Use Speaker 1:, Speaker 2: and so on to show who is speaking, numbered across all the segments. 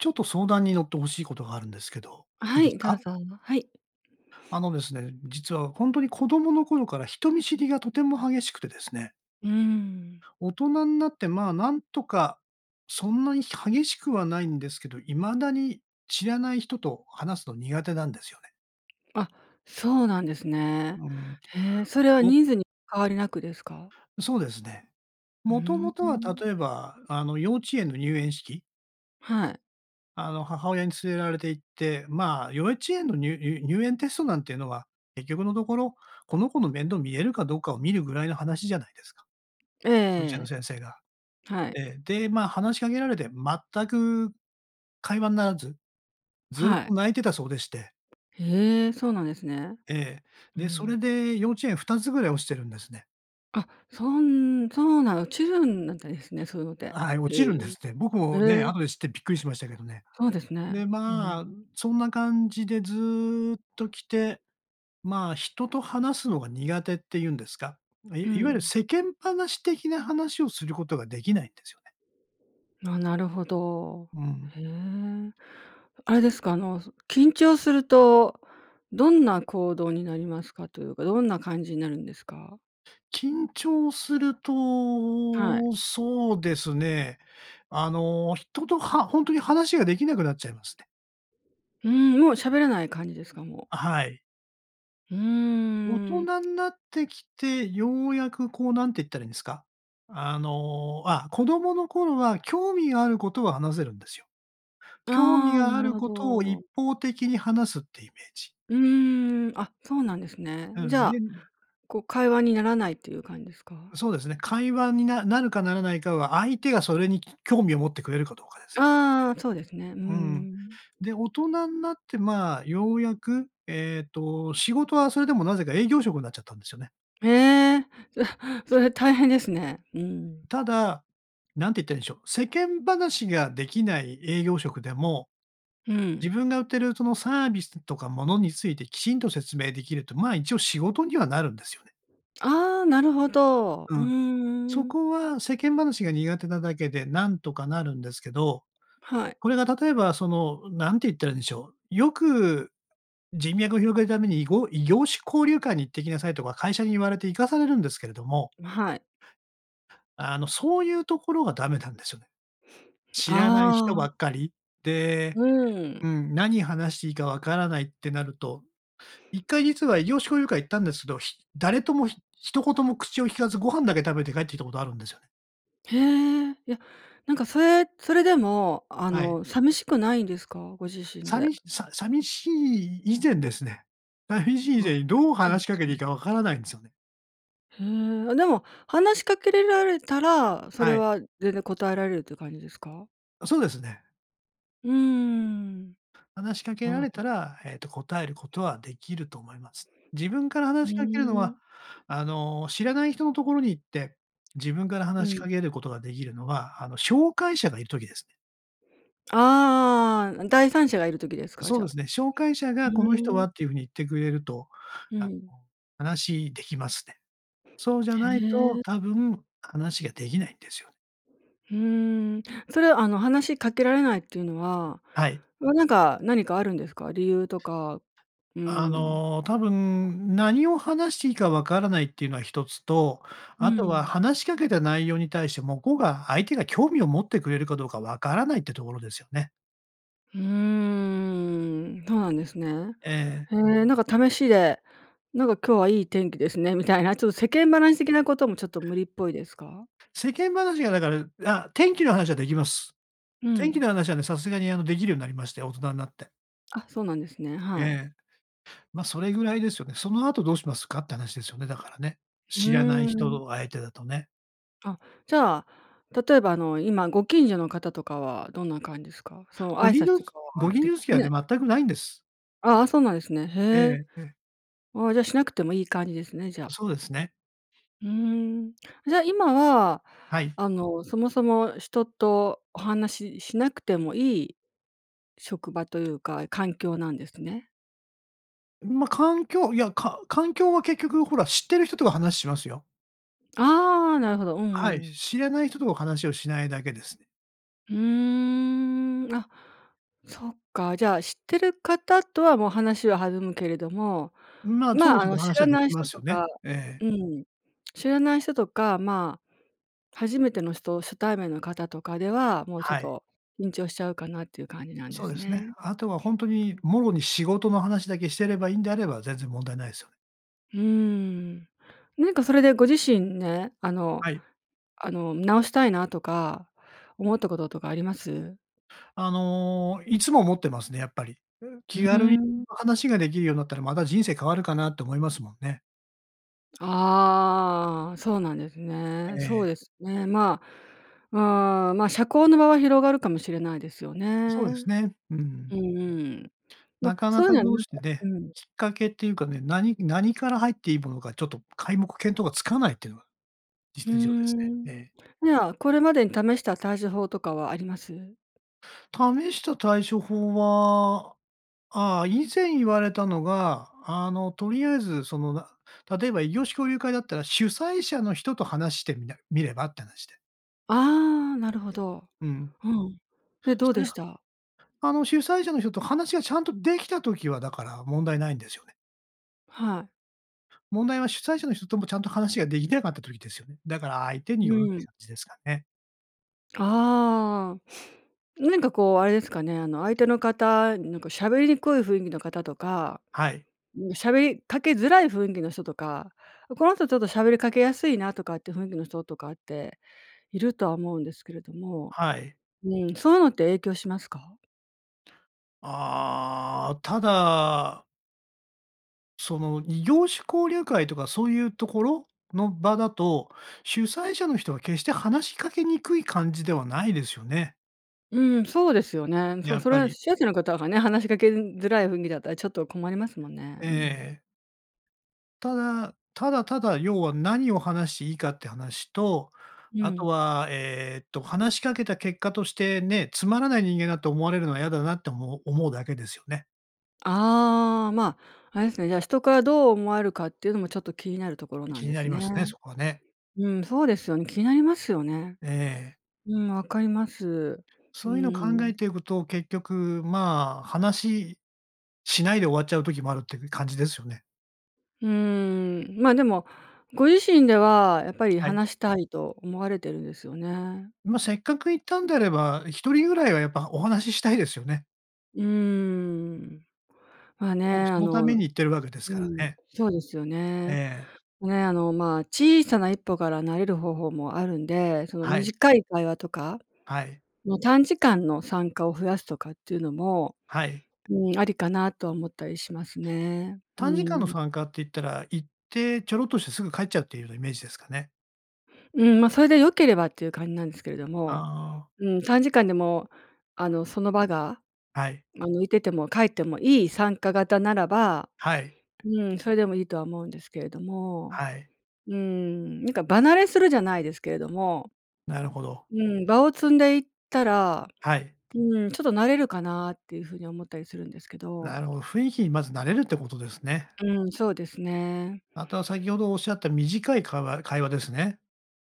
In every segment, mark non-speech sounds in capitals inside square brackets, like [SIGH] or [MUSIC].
Speaker 1: ちょっと相談に乗って欲しいことがあるんですけど、いい
Speaker 2: は
Speaker 1: です
Speaker 2: い、どう
Speaker 1: か？
Speaker 2: ぞ。はい。
Speaker 1: あのですね、実はほんとに子供の頃から人見知りがとても激しくてですね。
Speaker 2: うーん。
Speaker 1: 大人になって、まあ、なんとか、そんなに激しくはないんですけど、未だに、知らない人と話すの苦手なんですよね。
Speaker 2: あ、そうなんですね。
Speaker 1: うん、
Speaker 2: へえ、それは
Speaker 1: ぼ
Speaker 2: 人数に変わりなくですか？
Speaker 1: そうですね。
Speaker 2: う
Speaker 1: もと
Speaker 2: ー
Speaker 1: もとは、
Speaker 2: ん。
Speaker 1: 例えば、あの、幼稚園の入園式。
Speaker 2: はい。
Speaker 1: あの、母親に連れられて行って、まあ、幼稚園のにゅにゅ入園テストなんていうのは、結局のところ、この子の面倒みれるかどうかを見るぐらいの話じゃないですか。幼稚園の
Speaker 2: ええ。
Speaker 1: 先生が。
Speaker 2: はい。
Speaker 1: ええ。で、まあ、話しかけられて全く会話にならず、ずっ
Speaker 2: はい。
Speaker 1: と泣いてたそうでして。
Speaker 2: へえ、そうなんですね。
Speaker 1: ええ、
Speaker 2: う
Speaker 1: で、それ
Speaker 2: ん。
Speaker 1: で幼稚園2つぐらい落ちてるんですね。
Speaker 2: あ、そんそうな、落ちるんだったんですね、そういうのっ
Speaker 1: いや、
Speaker 2: て。
Speaker 1: はい、落
Speaker 2: へ
Speaker 1: ち
Speaker 2: え。
Speaker 1: るんですって。僕
Speaker 2: え
Speaker 1: もね、
Speaker 2: え。
Speaker 1: 後で知ってびっくりしましたけどね。
Speaker 2: そうです
Speaker 1: で、
Speaker 2: ね、うん。
Speaker 1: まあ、そんな感じでずっと来て、まあ、人と話すのが苦手っていうんですか、
Speaker 2: う
Speaker 1: いいわゆる
Speaker 2: ん。
Speaker 1: 世間話的な話をすることができないんですよね。
Speaker 2: あ、なるほど。
Speaker 1: うん。
Speaker 2: へえ。あれですか、あの、緊張すると、どんな行動になりますかというか、どんな感じになるんですか？
Speaker 1: 緊張する
Speaker 2: はい。
Speaker 1: と、そうですね、あの、人と、はほんとに話ができなくなっちゃいまして。
Speaker 2: ふーん、もう喋らない感じですか、もう？
Speaker 1: はい。
Speaker 2: うー
Speaker 1: 大
Speaker 2: ん。
Speaker 1: 人んなってきて、ようやくこう、なんて言ったらいいんですか？あの、あ、子供の頃は興味があることは話せるんですよ。興味
Speaker 2: ああ、
Speaker 1: があ
Speaker 2: なる
Speaker 1: る
Speaker 2: ほ
Speaker 1: ことを
Speaker 2: ど。
Speaker 1: 一方的に話すっていうイメージ。
Speaker 2: うーん。あ、そうなんですね。
Speaker 1: う
Speaker 2: じ
Speaker 1: ん。
Speaker 2: ゃ
Speaker 1: で
Speaker 2: あ、こう、会話にならないっていう感じですか？
Speaker 1: そうですね。会話に、ななるかならないかは、相手がそれに興味を持ってくれるかどうかですね。
Speaker 2: ああ、そうですね、うー
Speaker 1: うーん。
Speaker 2: ん。
Speaker 1: で、大人なって、まあ、ようやく、えっと、仕事はそれでもなぜか、営業職になっちゃったんですよね。
Speaker 2: へえ。それそれは大変ですね、うーん。
Speaker 1: ただ、なんて言ったらいいんでしょう、世間話ができない営業職でも、
Speaker 2: う
Speaker 1: 自
Speaker 2: ん。
Speaker 1: 分が売ってる、その、サービスとか物についてきちんと説明できると、まあ、一応仕事にはなるんですよね。
Speaker 2: ああ、なるほど、
Speaker 1: う
Speaker 2: う
Speaker 1: ん。そ
Speaker 2: ーん。
Speaker 1: こは世間話が苦手なだけで、なんとかなるんですけど、
Speaker 2: はい。
Speaker 1: これが例えば、その、なんて言ったらいいんでしょう、よく、人脈を広げるために、いご、異業種交流会に行ってきなさいとか、会社に言われて行かされるんですけれども。
Speaker 2: ま、はい。
Speaker 1: あの、そういうところがダメだんですよね。知らない人ば
Speaker 2: ああ、
Speaker 1: っかり、で、
Speaker 2: うー
Speaker 1: う
Speaker 2: ん。
Speaker 1: ん、何話していいか分からないってなると、1回実は異業種交流会行ったんですけど、ひ誰とも、ひ一言も口を利かずご飯だけ食べて帰ってきたことあるんですよね。
Speaker 2: へえ、いや、なんかそれそれでもあ
Speaker 1: はい。
Speaker 2: の寂しくないんですか？ご自身で。
Speaker 1: 寂しさ寂しい以前ですね、寂しい以
Speaker 2: うわ、
Speaker 1: 前にどう話しかけていい
Speaker 2: [UNINTELLIGIBLE]
Speaker 1: かわからないんですよね。
Speaker 2: へえ、あ、でも話しかけれられたら、それ
Speaker 1: はい。
Speaker 2: は全然答えられるっていう感じですか？
Speaker 1: あ、そうですね。
Speaker 2: うーん。
Speaker 1: 話しかけ
Speaker 2: な
Speaker 1: ら
Speaker 2: る
Speaker 1: れ
Speaker 2: ほ。
Speaker 1: たら、えっと、答えることはできると思います。自分から
Speaker 2: う
Speaker 1: 話しかけるの
Speaker 2: ー
Speaker 1: は、
Speaker 2: ん。
Speaker 1: あの、知らない人のところに行って、自分から
Speaker 2: う
Speaker 1: 話し
Speaker 2: ん。
Speaker 1: かけることができるのは、あの、紹介者がいる時ですね。
Speaker 2: ああああああ、第三者がいる時ですか、
Speaker 1: そう
Speaker 2: じゃ
Speaker 1: で
Speaker 2: あ。
Speaker 1: すね。紹介者
Speaker 2: う
Speaker 1: がこの人
Speaker 2: ー
Speaker 1: は
Speaker 2: ん。
Speaker 1: っていう風に言ってくれると、
Speaker 2: う
Speaker 1: あ
Speaker 2: ん。
Speaker 1: の、話できますね。そうじゃ
Speaker 2: へ
Speaker 1: ないと
Speaker 2: え。
Speaker 1: 多分話ができないんですよ。
Speaker 2: ふーん、それはあの話しかけられないっていうのは、
Speaker 1: はい。
Speaker 2: まあ、なんか何かあるんですか？理由とか。うー
Speaker 1: あ
Speaker 2: ん。
Speaker 1: の多分何を話していいかわからないっていうのは一つと、
Speaker 2: う
Speaker 1: あとは
Speaker 2: ん。
Speaker 1: 話しかけた内容に対して向こうが相手が興味を持ってくれるかどうかわからないってところですよね。
Speaker 2: うーん、そうなんですね。
Speaker 1: ええ。
Speaker 2: へえ、なんか試しで、なんか、「今日はいい天気ですね」みたいな。ちょっと、世間話的な事も、ちょっと、無理っぽいですか？
Speaker 1: 世間話が、だからあ、天気の話は出来ます。
Speaker 2: う
Speaker 1: 天気
Speaker 2: ん。
Speaker 1: の話は、ね、さすがに、あの、出来るようになりまして、大人になって。
Speaker 2: あ、そうなんですね。
Speaker 1: え
Speaker 2: はい。
Speaker 1: え。まあ、それぐらいですよね。その後どうしますかって話ですよね、だから、ね。
Speaker 2: う
Speaker 1: 知らない
Speaker 2: ー
Speaker 1: 人
Speaker 2: ん。
Speaker 1: と相手だと、ね。
Speaker 2: あ、じゃあ、例えば、あの、今、ご近所の方とかは、どんな感じですか？その、
Speaker 1: ご
Speaker 2: 挨
Speaker 1: 近
Speaker 2: 拶
Speaker 1: 所
Speaker 2: とかは
Speaker 1: ご近
Speaker 2: で
Speaker 1: 所付き合い
Speaker 2: ね。
Speaker 1: はね、全くないんです。
Speaker 2: ああ、そうなんですね。
Speaker 1: え
Speaker 2: へえ。
Speaker 1: えええ。
Speaker 2: ああ、じゃあ、しなくてもいい感じですね、じゃあ。
Speaker 1: そうですね。
Speaker 2: うーん。じゃあ、今は、
Speaker 1: はい。
Speaker 2: あの、そもそも人とお話ししなくてもいい、職場というか環境なんですね。
Speaker 1: まあ、環境、いや、か環境は、結局ほら、知ってる人とは話しますよ。
Speaker 2: ああ、なるほど。うんう
Speaker 1: は
Speaker 2: ん
Speaker 1: い、
Speaker 2: うん。
Speaker 1: 知らない人と話をしないだけです。
Speaker 2: うーん、あ、そっか。じゃあ、知ってる方とは、もう、話は弾むけれども、
Speaker 1: まあ、そ
Speaker 2: ま
Speaker 1: こ
Speaker 2: あ、あ
Speaker 1: そこ
Speaker 2: の、知
Speaker 1: 話は
Speaker 2: ら
Speaker 1: 出来
Speaker 2: ない
Speaker 1: ま
Speaker 2: 人
Speaker 1: すよ
Speaker 2: と
Speaker 1: ね。
Speaker 2: か、
Speaker 1: ええ。
Speaker 2: うん。知らない人とか、まあ、初めての人初対面の方とかでは、もう、ちょっ
Speaker 1: はい。
Speaker 2: と緊張しちゃうかなっていう感じなんで
Speaker 1: そうで
Speaker 2: す
Speaker 1: すね。
Speaker 2: ね。
Speaker 1: あとは本当に、もろに仕事の話だけしてればいいんであれば、全然問題ないですよ。
Speaker 2: うーん。なんか、それでご自身、ね、あの
Speaker 1: はい。
Speaker 2: あの、直したいなとか思ったこととかあります？
Speaker 1: あの、いつも思ってますね、やっぱり。う、
Speaker 2: う
Speaker 1: 気
Speaker 2: ー
Speaker 1: 軽に
Speaker 2: ん。
Speaker 1: 話ができるようになったら、また人生変わるかなって思いますもんね。
Speaker 2: ああ、そうなんです
Speaker 1: え
Speaker 2: ね。そう
Speaker 1: え。
Speaker 2: ですね。ま、ああ、ま、社交の場は広がるかもしれないですよね。
Speaker 1: そうです
Speaker 2: う
Speaker 1: ね。うーん。
Speaker 2: んうん。ま、
Speaker 1: なか
Speaker 2: そ
Speaker 1: な
Speaker 2: ういう
Speaker 1: か
Speaker 2: のは、な
Speaker 1: どう
Speaker 2: ん
Speaker 1: し
Speaker 2: か
Speaker 1: て、ね、
Speaker 2: うん。
Speaker 1: きっかけっていうか、ね、何何から入っていいものか、ちょっと、皆目見当がつかないっていうのが
Speaker 2: うー
Speaker 1: 実情です
Speaker 2: ん。
Speaker 1: ね。ええ。
Speaker 2: じゃあ、これまでに試した対処法とかはあります？
Speaker 1: 試した対処法は、ああ、以前言われたのが、あの、とりあえず、その、な、例えば異業種交流会だったら、主催者の人と話してみなみればって話で。
Speaker 2: ああ、なるほど。
Speaker 1: うん。
Speaker 2: うん。で、どう
Speaker 1: そうい
Speaker 2: で
Speaker 1: や、
Speaker 2: した？
Speaker 1: あの、主催者の人と話がちゃんとできた時は、だから、問題ないんですよね。
Speaker 2: はい。
Speaker 1: 問題は主催者の人ともちゃんと話ができてなかった時ですよ。だから、相手に
Speaker 2: う
Speaker 1: よるって
Speaker 2: ん。
Speaker 1: 感じですかね。
Speaker 2: ああ、[SNIFFS] なにか、こう、あれですかね。あの、相手の方になんか、喋りにくい雰囲気の方とか、
Speaker 1: はい。
Speaker 2: うん、喋りかけづらい雰囲気の人とか、「この人、ちょっと喋りかけやすいな」とかっていう雰囲気の人とかって、いるとは思うんですけれども
Speaker 1: はい。
Speaker 2: うん。そういうのって影響しますか？
Speaker 1: ああ、ただその、異業種交流会とか、そういうところの場だと、主催者の人は決して話しかけにくい感じではないですよね。
Speaker 2: うん、そうですよね。そ
Speaker 1: や
Speaker 2: う、
Speaker 1: っ
Speaker 2: それ
Speaker 1: ぱ
Speaker 2: は
Speaker 1: り。
Speaker 2: 主催者の方がね。話しかけづらい雰囲気だったら、ちょっと困りますもんね。うん。
Speaker 1: ええ。ただ、ただただ、要は、何を話していいかって話と、
Speaker 2: う
Speaker 1: あと
Speaker 2: ん。
Speaker 1: は、えっと、話しかけた結果として、ね、つまらない人間だと思われるのは嫌だなっておも思うだけですよね。
Speaker 2: ああ、まあ、あれですね。じゃあ、人から、どう思われるかっていうのも、ちょっと気になるところな
Speaker 1: 気
Speaker 2: ん
Speaker 1: に
Speaker 2: で
Speaker 1: な
Speaker 2: す
Speaker 1: りま
Speaker 2: ね。
Speaker 1: すね、そこはね。
Speaker 2: うん、そうですよん。気になりますよね。
Speaker 1: ええ。
Speaker 2: うん、分かります。う
Speaker 1: そういうのを考え
Speaker 2: ん。
Speaker 1: ていくと、結局、まあ、話しないで終わっちゃう時もあるって感じですよね。
Speaker 2: ふーん、まあ、でも、ご自身ではやっぱり
Speaker 1: はい。
Speaker 2: 話したいと思われてるんですよね。
Speaker 1: ま、せっかく行ったんであれば、1人ぐらいはやっぱお話ししたいですよね。
Speaker 2: うーん、まあね、
Speaker 1: もうそ
Speaker 2: あ
Speaker 1: のために
Speaker 2: の
Speaker 1: 行ってるわけです
Speaker 2: う
Speaker 1: か
Speaker 2: ん、
Speaker 1: らね。
Speaker 2: そうですよ
Speaker 1: え
Speaker 2: ね。
Speaker 1: え。
Speaker 2: ね、あのまあ小さな一歩から慣れる方法もあるんで、その
Speaker 1: はい。
Speaker 2: 短い会話とか
Speaker 1: はい。
Speaker 2: の短時間の参加を増やすとかっていうのも、
Speaker 1: はい。
Speaker 2: うーん、ありかなとは思ったりしますね。う
Speaker 1: 短時間
Speaker 2: ー
Speaker 1: の
Speaker 2: ん。
Speaker 1: 参加って言ったら、行ってちょろっとしてすぐ帰っちゃうっていうようなイメージですかね？
Speaker 2: うん、ま、それで良ければっていう感じなんですけれど
Speaker 1: あ
Speaker 2: も。
Speaker 1: あ。
Speaker 2: うーん、短時間でも、あの、その場が、
Speaker 1: はい。
Speaker 2: ま、抜いてても帰ってもいい参加型ならば、
Speaker 1: はい。
Speaker 2: うーん、それでもいいとは思うんですけれども。
Speaker 1: はい。
Speaker 2: うーん、なんか場慣れするじゃないですけれども、
Speaker 1: なるほど。
Speaker 2: うん、場を積んでいったら、
Speaker 1: はい。
Speaker 2: うーん、ちょっと慣れるかなっていう風に思ったりするんですけ
Speaker 1: な
Speaker 2: ど。
Speaker 1: るほど、雰囲気にまず慣れるってことですね。
Speaker 2: うん、そうですね。
Speaker 1: あとは先ほどおっしゃった短い会話会話ですね。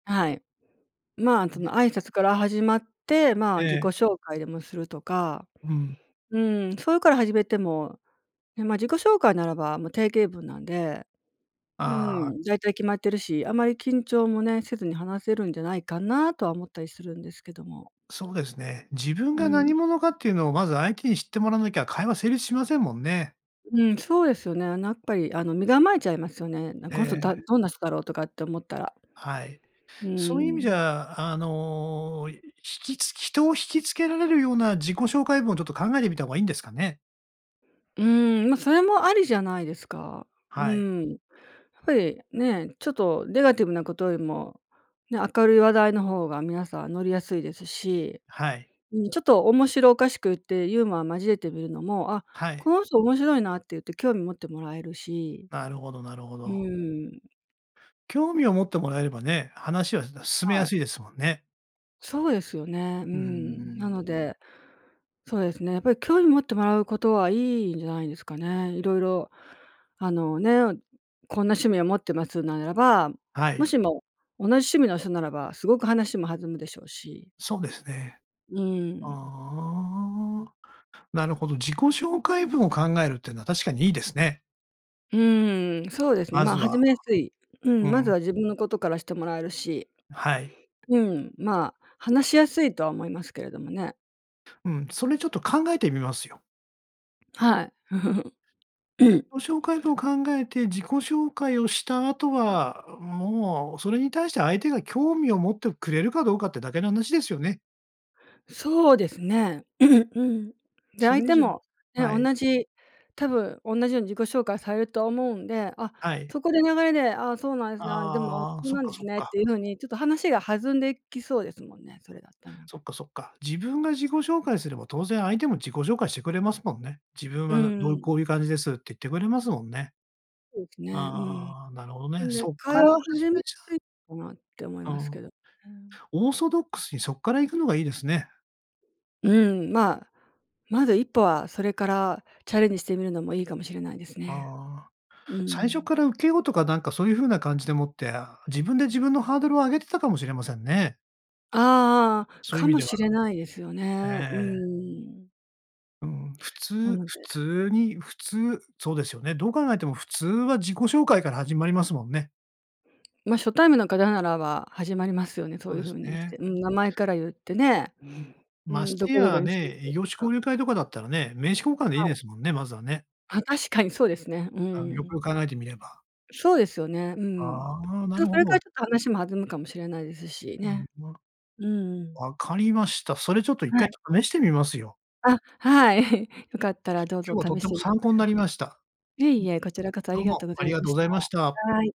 Speaker 2: はい。ま、
Speaker 1: え
Speaker 2: そ
Speaker 1: え。
Speaker 2: の、挨拶から始まって、ま、自己
Speaker 1: ええ。
Speaker 2: 紹介でもするとか。
Speaker 1: うん。
Speaker 2: うん、それから始めても、ね、ま、自己紹介ならば、もう、定型文なんで、う
Speaker 1: ああ。
Speaker 2: ん、だいたい決まってるし、あまり緊張も、ね、せずに話せるんじゃないかなとは思ったりするんですけども。
Speaker 1: そうですね。自分
Speaker 2: う
Speaker 1: が
Speaker 2: ん。
Speaker 1: 何者かっていうのをまず相手に知ってもらわなきゃ、会話成立しませんもんね。
Speaker 2: うん、そうですよね。あなっぱり、あの、身構えちゃいますよね。なん
Speaker 1: え
Speaker 2: 「この人だ
Speaker 1: え。
Speaker 2: どんな人だろう」とかって思ったら。
Speaker 1: はい。
Speaker 2: うー
Speaker 1: そういう意味じ
Speaker 2: ん。
Speaker 1: ゃ、あの、ひきつ人を惹きつけられるような自己紹介文を、ちょっと、考えてみた方がいいんですかね？
Speaker 2: うーん、ま、それもありじゃないですか。う
Speaker 1: はい。
Speaker 2: ーん。やっぱり、ね、ちょっとネガティブなことよりも、ね、明るい話題の方が皆さん乗りやすいですし、
Speaker 1: はい。
Speaker 2: うん、ちょっと面白おかしく言ってユーモアを交えてみるのも、「あ、
Speaker 1: は
Speaker 2: こ
Speaker 1: い。
Speaker 2: の人面白いな」って言って興味持ってもらえるし。
Speaker 1: なるほどなるほ
Speaker 2: う
Speaker 1: ど。
Speaker 2: ーん。
Speaker 1: 興味を持ってもらえればね、話は進めや
Speaker 2: はい。
Speaker 1: すいですもんね。
Speaker 2: そうですよね。うー
Speaker 1: うー
Speaker 2: ん。な
Speaker 1: ん。
Speaker 2: ので、そうですね、やっぱり、興味持ってもらう事はいいんじゃないですかね。色々、あのね、こんな趣味を持ってますならば、
Speaker 1: は
Speaker 2: も
Speaker 1: い。
Speaker 2: しも同じ趣味の人ならば、凄く話も弾むでしょうし。
Speaker 1: そうですね。
Speaker 2: う
Speaker 1: あ
Speaker 2: ーん。
Speaker 1: あ、なるほど、自己紹介文を考えるってのは、確かにいいですね。
Speaker 2: うーん、そうですね。
Speaker 1: ま
Speaker 2: ま
Speaker 1: ず
Speaker 2: あ、始
Speaker 1: は
Speaker 2: めやすいう
Speaker 1: う
Speaker 2: ん、まず
Speaker 1: ん。
Speaker 2: は自分の事からしてもらえるし。
Speaker 1: あ、はい。
Speaker 2: うん、まあ、話しやすいとは思いますけれどもね。
Speaker 1: うん、それ、ちょっと考えてみますよ。
Speaker 2: はい。[GIGGLES] [CLEARS THROAT]
Speaker 1: 紹介文を考えて自己紹介をした後は、うん、もう、それに対して相手が興味を持ってくれるかどうかってだけの話ですよね。
Speaker 2: そうですね。[CLEARS THROAT] うん。で、
Speaker 1: そ
Speaker 2: 相
Speaker 1: れ以
Speaker 2: 手
Speaker 1: 上に
Speaker 2: もね、
Speaker 1: は
Speaker 2: おん
Speaker 1: い。
Speaker 2: なじ、多分おんなじように自己紹介されると思うんで、あ、
Speaker 1: はい。
Speaker 2: そこで流れで、「あ、そうなんですね。あ、でも
Speaker 1: ああ、
Speaker 2: そう
Speaker 1: そっ
Speaker 2: なん
Speaker 1: か
Speaker 2: です
Speaker 1: そっ
Speaker 2: ね」って
Speaker 1: か。
Speaker 2: 言う風に、ちょっと話が弾んできそうですもんね、それだったなら
Speaker 1: そ
Speaker 2: ば。
Speaker 1: っかそっか。自分が自己紹介すれば、当然相手も自己紹介してくれますもんね。自分
Speaker 2: う
Speaker 1: はなんどう、
Speaker 2: ん。
Speaker 1: こうゆう感じですって言ってくれますもんね。
Speaker 2: そうですね、うん。
Speaker 1: ああ、なるほど
Speaker 2: な
Speaker 1: ね。
Speaker 2: んで、
Speaker 1: そっか
Speaker 2: 会
Speaker 1: ら
Speaker 2: 話
Speaker 1: 始
Speaker 2: を始め
Speaker 1: め
Speaker 2: や
Speaker 1: ちゃ
Speaker 2: す
Speaker 1: う
Speaker 2: いかなって思い
Speaker 1: あ
Speaker 2: ます
Speaker 1: あ、
Speaker 2: けどね。
Speaker 1: オーソドックスに、そっから行くのがいいですね。
Speaker 2: うん、まあ、まず一歩は、それからチャレンジしてみるのもいいかもしれないですね。
Speaker 1: ああ、
Speaker 2: う
Speaker 1: 最初
Speaker 2: ん。
Speaker 1: からウケようとか、なんか、そう言う風な感じでもって、あ、自分で自分のハードルを上げてたかもしれませんね。
Speaker 2: ああ、
Speaker 1: そういう
Speaker 2: か
Speaker 1: 意味
Speaker 2: も
Speaker 1: では、
Speaker 2: しれないですよね。うー
Speaker 1: ええ。
Speaker 2: ん。
Speaker 1: うん、普
Speaker 2: な
Speaker 1: 通
Speaker 2: の
Speaker 1: 普
Speaker 2: で
Speaker 1: 通に普通、そうですよね。どう考えても普通は、自己紹介から始まりますもんね。
Speaker 2: ま、初対面の方ならば始まりますよね、そ
Speaker 1: そ
Speaker 2: う
Speaker 1: う
Speaker 2: いう
Speaker 1: です
Speaker 2: 風にし
Speaker 1: ね。
Speaker 2: て。うん、名前から言ってね、
Speaker 1: うーん。
Speaker 2: うー
Speaker 1: まし
Speaker 2: ん、ど
Speaker 1: て
Speaker 2: こどこ
Speaker 1: や
Speaker 2: に住ん
Speaker 1: ね、
Speaker 2: で
Speaker 1: 異
Speaker 2: る
Speaker 1: 業種
Speaker 2: とか。
Speaker 1: 交流会とかだったらね、名刺交換でいい
Speaker 2: はい。
Speaker 1: ですもんね、まずはね
Speaker 2: あ、確かにそうですね。う
Speaker 1: あの、よく
Speaker 2: ん。
Speaker 1: よく考えてみれば。
Speaker 2: そうですよね。うん。い
Speaker 1: ああ、な
Speaker 2: ちお
Speaker 1: る
Speaker 2: うそ
Speaker 1: ほ
Speaker 2: れから、
Speaker 1: ど。
Speaker 2: ちょっと話も弾むかもしれないですし
Speaker 1: うん、
Speaker 2: ね。
Speaker 1: 分か
Speaker 2: うんうん。
Speaker 1: 分かりました。それ、ちょっと一
Speaker 2: はい。
Speaker 1: 回試してみますよ。
Speaker 2: あ、はい。[CHUCKLES] よかったら、どう
Speaker 1: 今
Speaker 2: ぞ
Speaker 1: 日はとっ
Speaker 2: 試
Speaker 1: て
Speaker 2: し
Speaker 1: も
Speaker 2: てみて
Speaker 1: 参考ん
Speaker 2: 下
Speaker 1: な
Speaker 2: さ
Speaker 1: りました。
Speaker 2: いえいえ、こちらこそ、あ
Speaker 1: う。ど
Speaker 2: り
Speaker 1: う
Speaker 2: が
Speaker 1: も、
Speaker 2: とうござ
Speaker 1: あり
Speaker 2: い
Speaker 1: が
Speaker 2: ま
Speaker 1: とうご
Speaker 2: し
Speaker 1: ざ
Speaker 2: た。
Speaker 1: いました。
Speaker 2: はい。